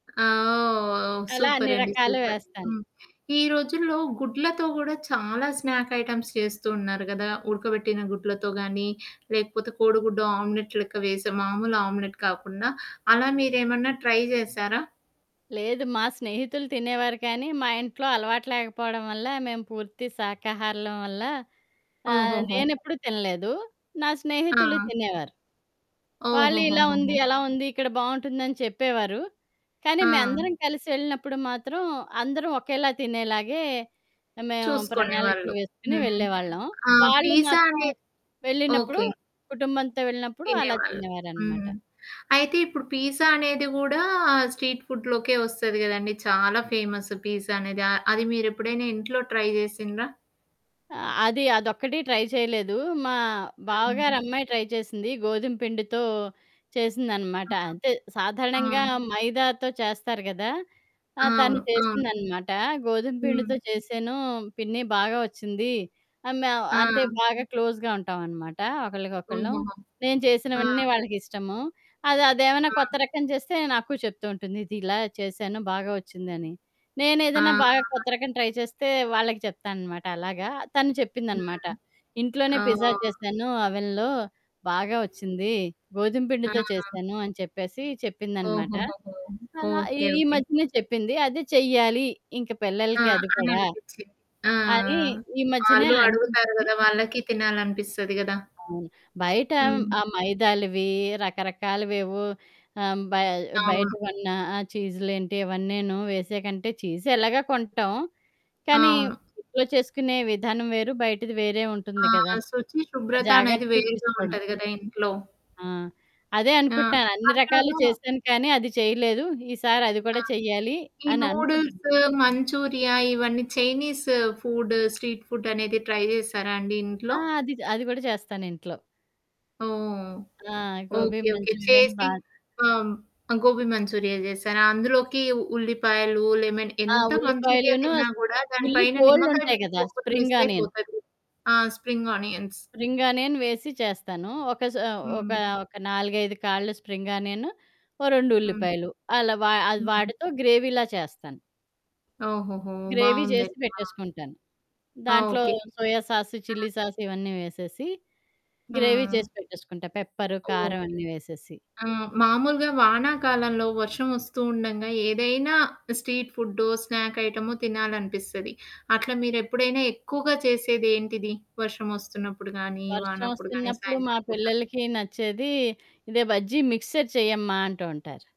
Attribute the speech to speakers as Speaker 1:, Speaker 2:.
Speaker 1: ఆ! ఓహ్!
Speaker 2: అలా అన్ని
Speaker 1: సూపరండి,
Speaker 2: రకాలు
Speaker 1: సూపర్.
Speaker 2: వేస్తాను.
Speaker 1: హ్మ్. ఈ రోజుల్లో గుడ్లతో కూడా చాలా స్నాక్ ఐటమ్స్ చేస్తూ ఉన్నారు గదా! ఉడకబెట్టిన గుడ్లతో గానీ లేకపోతే కోడిగుడ్డు ఆమ్లెట్ లెక్క వేసే మామూలు ఆమ్లెట్ కాకుండా అలా మీరేమన్నా ట్రై చేసారా?
Speaker 2: లేదు. మా స్నేహితులు తినేవారు కానీ, మా ఇంట్లో అలవాటు లేకపోవడం వల్ల మేము పూర్తి శాకాహారులం వల్ల. ఆహ్,
Speaker 1: ఓహోహోహో!
Speaker 2: నేనెప్పుడూ తినలేదు. నా స్నేహితులు
Speaker 1: ఆ!
Speaker 2: తినేవారు. వాళ్ళీలా ఉంది
Speaker 1: ఓహోహోహోహో!
Speaker 2: ఎలా ఉంది? ఇక్కడ బావుంటుందని చెప్పేవారు. కానీ
Speaker 1: ఆ!
Speaker 2: మేమందరం కలిసి వెళ్ళినప్పుడు మాత్రం అందరం ఒకేలా తినేలాగే, మేము ప్రణాళికలు
Speaker 1: చూసుకునేవాళ్ళు.
Speaker 2: వేసుకొని
Speaker 1: హ్మ్.
Speaker 2: వెళ్ళేవాళ్ళం.
Speaker 1: ఆ!
Speaker 2: వాళ్ళు
Speaker 1: పిజ్జా
Speaker 2: మాత్రం
Speaker 1: అనే
Speaker 2: వెళ్ళినప్పుడు.
Speaker 1: ఓకే.
Speaker 2: కుటుంబంతో వెళ్ళినప్పుడు అలా
Speaker 1: తినేవాళ్ళు.
Speaker 2: తినేవారనమాట.
Speaker 1: హ్మ్. అయితే ఇప్పుడు పీజ్జా అనేది కూడా స్ట్రీట్ ఫుడ్‌లోకే వస్తది కదండీ! చాలా ఫేమస్ పీజ్జా అనేది. ఆహ్, అది మీరేప్పుడైనా ఇంట్లో ట్రై చేసిండ్ర?
Speaker 2: అది అదొక్కటి ట్రై చేయలేదు. మా బావగారి
Speaker 1: హ్మ్.
Speaker 2: అమ్మాయి ట్రై చేసింది. గోధుమ పిండితో చేసిందనమాట. అంతే
Speaker 1: ఆ!
Speaker 2: సాధారణంగా
Speaker 1: ఆ!
Speaker 2: మైదాతో చేస్తారు గదా! ఆ!
Speaker 1: ఆ!
Speaker 2: తను
Speaker 1: అవును, అవును.
Speaker 2: చేసిందనమాట. గోధుమ
Speaker 1: హ్మ్.
Speaker 2: పిండితో చేసాను పిన్న బాగా ఒచ్చింది. ఆ మేమ అంటే
Speaker 1: ఆ!
Speaker 2: బాగా క్లోజ్‌గా ఉంటాామనమాట. ఒకళ్ళకొకళ్ళు.
Speaker 1: హుహుహు.
Speaker 2: నేను
Speaker 1: ఆ!
Speaker 2: చేసినవన్నీ వాళ్ళకి ఇష్టము. అది అదేమైనా
Speaker 1: ఆ!
Speaker 2: కొత్త రకం చేస్తే నాకు చెప్తూ ఉంటుంది. ఇది ఇలా చేసాను బాగా ఒచ్చిందని. నేనేదైనా
Speaker 1: ఆ!
Speaker 2: బాగా కొత్తరకం ట్రై చేస్తే వాళ్ళకి చెప్తాననమాట అలాగా, తను చెప్పిందనమాట.
Speaker 1: హ్మ్.
Speaker 2: ఇంట్లోనే పిజ్జా
Speaker 1: ఓహ్!
Speaker 2: చేసాను. ఓవెన్‌లో. బాగా వచ్చింది.
Speaker 1: ఆ!
Speaker 2: గోధుమపిండితో చేసాను అని చెప్పేసి చెప్పిందనమాట.
Speaker 1: ఓహోహోహో!
Speaker 2: అలా ఈ
Speaker 1: ఓకే
Speaker 2: ఈ
Speaker 1: ఓకే.
Speaker 2: మధ్యనే చెప్పింది. అది చెయ్యాలి. ఇంక
Speaker 1: ఆ!
Speaker 2: పిల్లలకి అది
Speaker 1: అని
Speaker 2: కూడా.
Speaker 1: అనిపిచ్చింది. ఆ!
Speaker 2: అని ఈ మధ్యనే
Speaker 1: ఆళ్ళు అడుగుతారు
Speaker 2: అనిపించింది.
Speaker 1: గదా! వాళ్ళకి తినాలనిపిస్తది కదా!
Speaker 2: అవును. బయట
Speaker 1: హ్మ్.
Speaker 2: ఆ మైదాలవి రకరకాలవేవో ఆహ్, బయ బయట
Speaker 1: అవును.
Speaker 2: కొన్న ఆ చీజులేంటి ఇవన్నేను వేసాకంటే చీజ్ ఎలాగా కొంటాం. కానీ
Speaker 1: అవును.
Speaker 2: ఇంట్లో చేసుకునే విధానం వేరు. బయటది వేరే ఉంటుంది
Speaker 1: ఆ!
Speaker 2: కదా!
Speaker 1: సుచి
Speaker 2: ఆ
Speaker 1: శుభ్రత అనేది
Speaker 2: జాగ్రత్తలు
Speaker 1: వేరుగా
Speaker 2: తీసుకోవడం.
Speaker 1: ఉంటది గదా! ఇంట్లో.
Speaker 2: ఆ! అదే
Speaker 1: ఆ!
Speaker 2: అనుకుంటున్నాను. అన్ని రకాలు
Speaker 1: అతను
Speaker 2: చేసాను కానీ అది చేయలేదు. ఈసారి అది కూడా
Speaker 1: ఆ!
Speaker 2: చేయ్యాలి
Speaker 1: ఈ
Speaker 2: అని అనుకుంటున్నా.
Speaker 1: నూడుల్స్ మంచూరియా ఇవన్నీ చైనీస్ ఫుడ్ స్ట్రీట్ ఫుడ్ అనేది ట్రై చేసారా అండి
Speaker 2: ఆ!
Speaker 1: ఇంట్లో?
Speaker 2: అది జ అది కూడా చేస్తాను ఇంట్లో.
Speaker 1: ఓహ్!
Speaker 2: ఆ! గోబి
Speaker 1: ఓకే. ఓకే.
Speaker 2: మంచురియను
Speaker 1: చేసి.
Speaker 2: బా
Speaker 1: ఆ! గోబీ మంచూరియా చేశాను. అందులోకి ఉల్లిపాయలు, లేమెన
Speaker 2: ఆ!
Speaker 1: ఎంత మంచూరియా
Speaker 2: ఉల్లిపాయలోను,
Speaker 1: తిన్నా కూడా దాని
Speaker 2: ఉల్లి
Speaker 1: పైన నిమ్మకాయ
Speaker 2: కోడ్లుంటాయి కదా!
Speaker 1: పిండికొపోతే
Speaker 2: స్ప్రింగ్‌
Speaker 1: మిస్
Speaker 2: ఆనియన్.
Speaker 1: అయిపోతది. ఆ! Spring onions.
Speaker 2: స్ప్రింగ్‌ ఆనియన్ వేసి చేస్తాను. ఒక స ఒక,
Speaker 1: హ్మ్.
Speaker 2: ఒక 4, 5 కాళ్ళు స్ప్రింగ్ ఆనియన్ ఓ 2
Speaker 1: హ్మ్.
Speaker 2: ఉల్లిపాయలు. అలా వా అది
Speaker 1: హ్మ్.
Speaker 2: వాటితో గ్రేవిలా చేస్తాను.
Speaker 1: ఓహోహో!
Speaker 2: గ్రేవీ జేసి
Speaker 1: బావుందండి. బావుంది.
Speaker 2: పెట్టేసుకుంటాను. దాంట్లో
Speaker 1: ఓకే.
Speaker 2: సోయ సాసు,
Speaker 1: ఆ!
Speaker 2: చిల్లి సాసు ఇవన్నీ వేసేసి. గ్రేవీ
Speaker 1: హ్మ్.
Speaker 2: చేసి పెట్టేసుకుంటా. పెప్పర్, కారం
Speaker 1: ఓకే.
Speaker 2: అన్నీ వేసేసి.
Speaker 1: ఆ! మామూలుగా వానాకాలంలో వర్షం ఒస్తూ ఉండంగా ఏదైనా స్ట్రీట్ ఫుడ్డో, స్నాక్ ఐటమో తినాలనిపిస్తది. అట్లా మీరు ఎప్పుడైనా ఎక్కువగా చేసేది ఏంటిది? వర్షం ఒస్తున్నప్పుడు గానీ,
Speaker 2: వర్షం
Speaker 1: వానప్పుడు గాని
Speaker 2: ఒస్తున్నప్పుడు మా
Speaker 1: సాయంత్రం పూట?
Speaker 2: పిల్లలకి నచ్చేది, ఇదే బజ్జీ మిక్స్చర్ చెయ్యమ్మా అంటూ ఉంటారు.